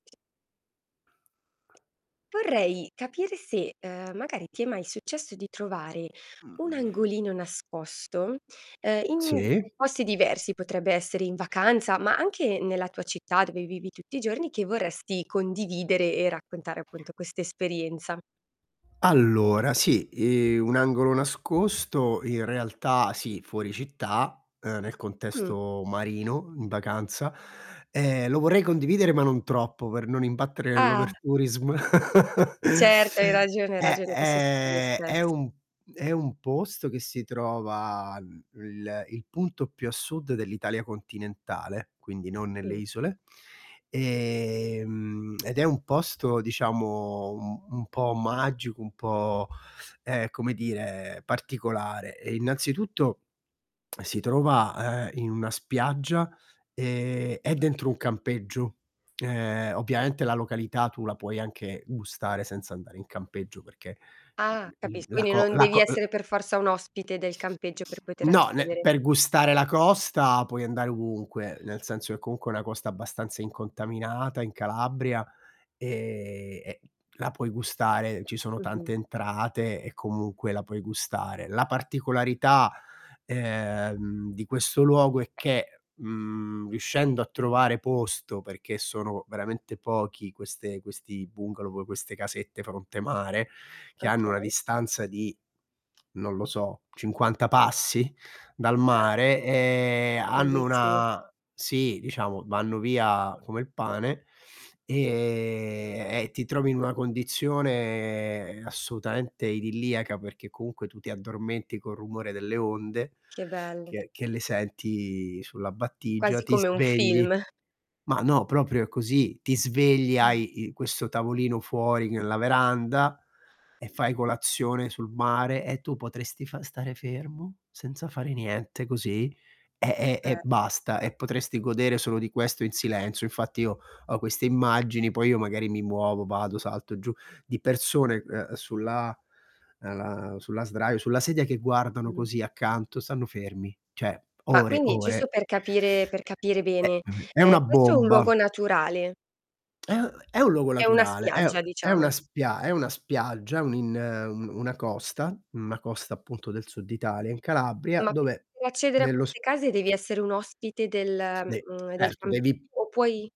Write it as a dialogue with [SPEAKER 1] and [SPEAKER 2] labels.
[SPEAKER 1] Vorrei capire se, ehm, magari, ti è mai successo di trovare un
[SPEAKER 2] Mh.
[SPEAKER 1] angolino nascosto, ehm, in
[SPEAKER 2] Sì.
[SPEAKER 1] posti diversi, potrebbe essere in vacanza, ma anche nella tua città, dove vivi tutti i giorni, che vorresti condividere e raccontare appunto questa esperienza.
[SPEAKER 2] Allora, sì. Ehm, un angolo nascosto in realtà sì, fuori città, ehm, nel
[SPEAKER 1] Mh.
[SPEAKER 2] contesto marino, in vacanza; e lo vorrei condividere ma non troppo per non imbattere nell'
[SPEAKER 1] Ah.
[SPEAKER 2] overtourism.
[SPEAKER 1] Certo, hai ragione, hai
[SPEAKER 2] È
[SPEAKER 1] ragione, questo succede
[SPEAKER 2] è è
[SPEAKER 1] spesso.
[SPEAKER 2] un è un posto che si trova i il il punto più a sud dell'Italia continentale, quindi non nelle
[SPEAKER 1] Mh.
[SPEAKER 2] isole. Ehm, ed è un posto diciamo un un po' magico, un po', ehm, come dire, particolare. Ehm, innanzitutto, si trova, ehm, in una spiaggia, ehm, è dentro un
[SPEAKER 1] Okay.
[SPEAKER 2] campeggio. Ehm, ovviamente la località, tu la puoi anche gustare senza andare in campeggio, perché
[SPEAKER 1] Ah,
[SPEAKER 2] l l l
[SPEAKER 1] capis
[SPEAKER 2] la
[SPEAKER 1] quindi,
[SPEAKER 2] co
[SPEAKER 1] non
[SPEAKER 2] la
[SPEAKER 1] devi
[SPEAKER 2] co l
[SPEAKER 1] essere per forza un ospite del campeggio per poter
[SPEAKER 2] No, nel
[SPEAKER 1] accedere.
[SPEAKER 2] per gustare la costa, puoi andare ovunque, nel senso che comunque è una costa abbastanza incontaminata in Calabria, e e la puoi gustare, ci sono
[SPEAKER 1] Mh-mh.
[SPEAKER 2] tante entrate, e comunque la puoi gustare. La particolarità, ehm, di questo luogo è che, mhmm, riuscendo a trovare posto, perché sono veramente pochi queste questi bungalow, proprio queste casette fronte mare che hanno una
[SPEAKER 1] Okay.
[SPEAKER 2] distanza di, non lo so, 50 passi dal
[SPEAKER 1] [unintelligible]
[SPEAKER 2] mare e hanno
[SPEAKER 1] Bellissimo.
[SPEAKER 2] una sì, diciamo, vanno via come il pane e e ti trovi in una condizione assolutamente idilliaca, perché comunque tu ti addormenti col rumore delle onde,
[SPEAKER 1] Che bello.
[SPEAKER 2] che che le senti sulla battigia,
[SPEAKER 1] Quasi
[SPEAKER 2] ti
[SPEAKER 1] come un film.
[SPEAKER 2] svegli. Ma no, proprio è così, ti svegli
[SPEAKER 1] [unintelligible]
[SPEAKER 2] hai il questo tavolino fuori nella veranda, e fai colazione sul mare e tu potresti fa stare fermo senza fare niente così e e e
[SPEAKER 1] Eh.
[SPEAKER 2] basta e potresti godere solo di questo in silenzio. Infatti io ho queste immagini poi io magari mi muovo, vado, salto giù di persone, uhm, sulla ehm, sulla sdraio sulla sedia che guardano
[SPEAKER 1] Mh.
[SPEAKER 2] così accanto, stanno fermi. Cioè,
[SPEAKER 1] Ma
[SPEAKER 2] ore,
[SPEAKER 1] quindi, giusto
[SPEAKER 2] ore.
[SPEAKER 1] per capire per capire
[SPEAKER 2] Eh,
[SPEAKER 1] bene,
[SPEAKER 2] mhmm, è
[SPEAKER 1] ehm,
[SPEAKER 2] una
[SPEAKER 1] questo è un
[SPEAKER 2] bomba.
[SPEAKER 1] luogo naturale?
[SPEAKER 2] Eh, è un luogo
[SPEAKER 1] È una
[SPEAKER 2] naturale, è
[SPEAKER 1] spiaggia
[SPEAKER 2] un è
[SPEAKER 1] diciamo.
[SPEAKER 2] una spia è una spiaggia, un in un una costa una costa appunto del sud Italia in Calabria
[SPEAKER 1] Ma per
[SPEAKER 2] dove
[SPEAKER 1] accedere a
[SPEAKER 2] nello s
[SPEAKER 1] queste case, devi essere un ospite del,
[SPEAKER 2] Nei
[SPEAKER 1] mhmm, del
[SPEAKER 2] certo,
[SPEAKER 1] campeggio
[SPEAKER 2] devi
[SPEAKER 1] o puoi